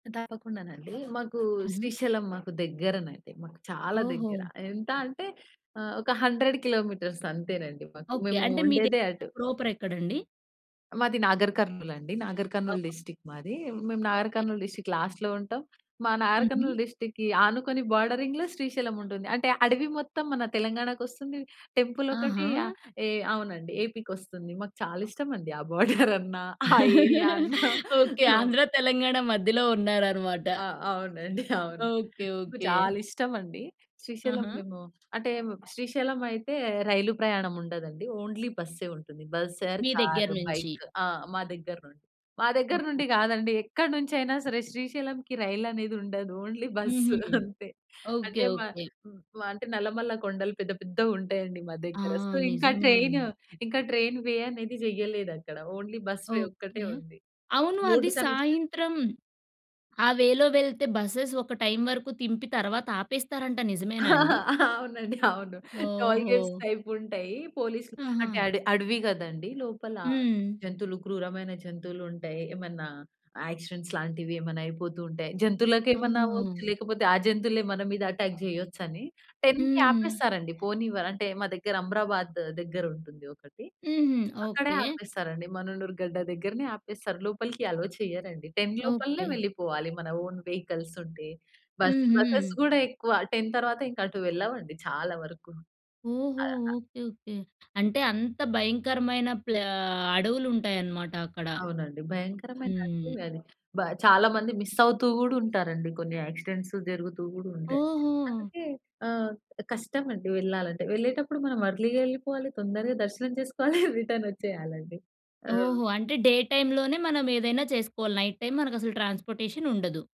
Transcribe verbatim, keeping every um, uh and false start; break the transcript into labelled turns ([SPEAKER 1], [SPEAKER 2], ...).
[SPEAKER 1] తప్పకుండానండి. మాకు
[SPEAKER 2] హుహు.
[SPEAKER 1] శ్రీశైలం మాకు దెగ్గరనండి. మాకు చాలా దెగ్గర.
[SPEAKER 2] ఓహో!
[SPEAKER 1] ఎంత అంటే, ఆహ్, ఒక హండ్రెడ్ కిలోమీటర్స్ అంతేనండి మాకు.
[SPEAKER 2] ఓకే.
[SPEAKER 1] మేము
[SPEAKER 2] అంటే మీ‌దెక్కడ
[SPEAKER 1] ఉండేదే అటు.
[SPEAKER 2] ప్రాపరెక్కడండి?
[SPEAKER 1] మాది నాగర్ కర్నూల్ అండి. నాగర్ కర్నూల్
[SPEAKER 2] ఓహో!
[SPEAKER 1] డిస్ట్రిక్ట్ మాది. మేము నాగర్
[SPEAKER 2] ఓకే.
[SPEAKER 1] కర్నూల్ డిస్ట్రిక్ట్ లాస్ట్‌లో ఉంటాం. మా నాగర్
[SPEAKER 2] హుహు.
[SPEAKER 1] కర్నూల్ డిస్ట్రిక్ట్‌కి ఆనుకుని బోర్డరింగ్‌లో శ్రీశైలం ఉంటుంది. అంటే అడవి మొత్తం మన తెలంగాణా కొస్తుంది. టెంపులొకటి
[SPEAKER 2] ఆహా!
[SPEAKER 1] ఆహ్, ఏ అవునండి ఏపీ‌ కొస్తుంది. మాకు చాలా ఇష్టమండి. ఆ బోర్డరన్నా ఆ ఏరియా అన్నా.
[SPEAKER 2] ఓకే.
[SPEAKER 1] ఆ!
[SPEAKER 2] ఆంధ్ర తెలంగాణ మధ్యలో ఉన్నారనమాట.
[SPEAKER 1] ఆ! అవునండి అవును.
[SPEAKER 2] ఓకే,
[SPEAKER 1] నాకు
[SPEAKER 2] ఓకే.
[SPEAKER 1] చాలా ఇష్టమండి. శ్రీశైలం
[SPEAKER 2] ఆహా!
[SPEAKER 1] మేము అంటే హ్మ్. శ్రీశైలం అయితే రైలు ప్రయాణం ఉండదండి. ఓన్లీ బస్సే ఉంటుంది. బస్ ఆర్
[SPEAKER 2] మీ
[SPEAKER 1] కార్,
[SPEAKER 2] దెగ్గరనుంచి.
[SPEAKER 1] బైక్. ఆ! మా దెగ్గర నుండి. మా దెగ్గర
[SPEAKER 2] ఓకే.
[SPEAKER 1] నుండి కాదండి ఎక్కడినుంచైనా సరే శ్రీశైలంకి రైలనేది ఉండదు. ఓన్లీ బస్సు
[SPEAKER 2] హుహు.
[SPEAKER 1] అంతే.
[SPEAKER 2] ఓకే
[SPEAKER 1] అంటే మా
[SPEAKER 2] ఓకే.
[SPEAKER 1] ఆహ్, మా అంటే నల్లమల్ల కొండలు పెద్ద పెద్దగా ఉంటాయండి మా
[SPEAKER 2] ఆ!
[SPEAKER 1] దెగ్గర. సో, ఇంకా
[SPEAKER 2] నిజమే
[SPEAKER 1] ట్రైను
[SPEAKER 2] అండి.
[SPEAKER 1] ఇంకా ట్రైన్‌ వే అనేది జెయ్యలేదక్కడ. ఓన్లీ బస్‌ వే ఒక్కటే
[SPEAKER 2] ఓకే.
[SPEAKER 1] ఉంది.
[SPEAKER 2] అవును అది
[SPEAKER 1] రోడ్డు కనెక్షన్
[SPEAKER 2] సాయంత్రం, ఆ వే‌లో వెళ్తే బసెస్ ఒక టైమ్ వరకు తింపి తర్వాత ఆపేస్తారంట నిజమేనా అండి?
[SPEAKER 1] అవునండి అవును. టోల్ గేట్స్
[SPEAKER 2] ఓహో!
[SPEAKER 1] టైపుంటయ్యి. పోలీస్‌లు
[SPEAKER 2] ఆహా!
[SPEAKER 1] అంటే అడ అడవి కదండీ! లోపల
[SPEAKER 2] హ్మ్.
[SPEAKER 1] జంతువులు క్రూరమైన జంతువులుంటాయి. ఏమన్నా యాక్సిడెంట్స్ లాంటివి ఏమన్నా అయిపోతూ ఉంటాయి. జంతువులకేమన్నా అవ్వచ్చు,
[SPEAKER 2] ఓహో!
[SPEAKER 1] లేకపోతే ఆ జంతువులే మన మీద అటాక్ జేయొచ్చని. టెన్‌కి
[SPEAKER 2] హ్మ్.
[SPEAKER 1] ఆపేస్తారండి పోనివ్వర్ అంటే మా దగ్గర అమ్రాబాద్ దెగ్గరుంటుంది ఒకటి.
[SPEAKER 2] హుహు.
[SPEAKER 1] అక్కడే
[SPEAKER 2] ఓకే.
[SPEAKER 1] ఆపేస్తారండి. మననూరు గడ్డ దెగ్గరనే ఆపేస్తారు. లోపలికి అలోవ్ చెయ్యరండి. టెన్ లోపలనే
[SPEAKER 2] ఓకే.
[SPEAKER 1] వెళ్ళిపోవాలి. మన ఓన్ వెహికల్సుంటే. బస్
[SPEAKER 2] హుహు.
[SPEAKER 1] బసెస్ గూడా ఎక్కువ టెన్ తర్వాత ఇంకా అటు వెళ్ళవండి చాలా వరకు.
[SPEAKER 2] ఓహో!
[SPEAKER 1] ఆహ్
[SPEAKER 2] ఓకే ఓకే. అంటే అంత భయంకరమైన ప్లా అడవులుంటాయన్నమాట అక్కడ.
[SPEAKER 1] అవునండి. భయంకరమైన
[SPEAKER 2] హ్మ్.
[SPEAKER 1] అడవి అది. బ చాలా మంది మిస్సవుతూ కూడా ఉంటారండి. కొన్ని యాక్సిడెంట్సు జరుగుతూ గూడా ఉంటాయి.
[SPEAKER 2] ఓహో!
[SPEAKER 1] అందుకే, ఆహ్, కష్టమండి వెళ్ళాలంటే వెళ్ళేటప్పుడు మనం ఎర్లీ‌గా ఎళ్ళిపోవాలి తొందరగా దర్శనం చేసుకోవాలి రిటనొచ్చేయాలండి. ఆ!
[SPEAKER 2] ఓహో! అంటే డే టైమ్‌లోనే మనం ఏదైనా చేసుకోవాలి. నైట్ టైమ్ మనకు అసలు ట్రాన్స్‌పోర్టేషనుండదు.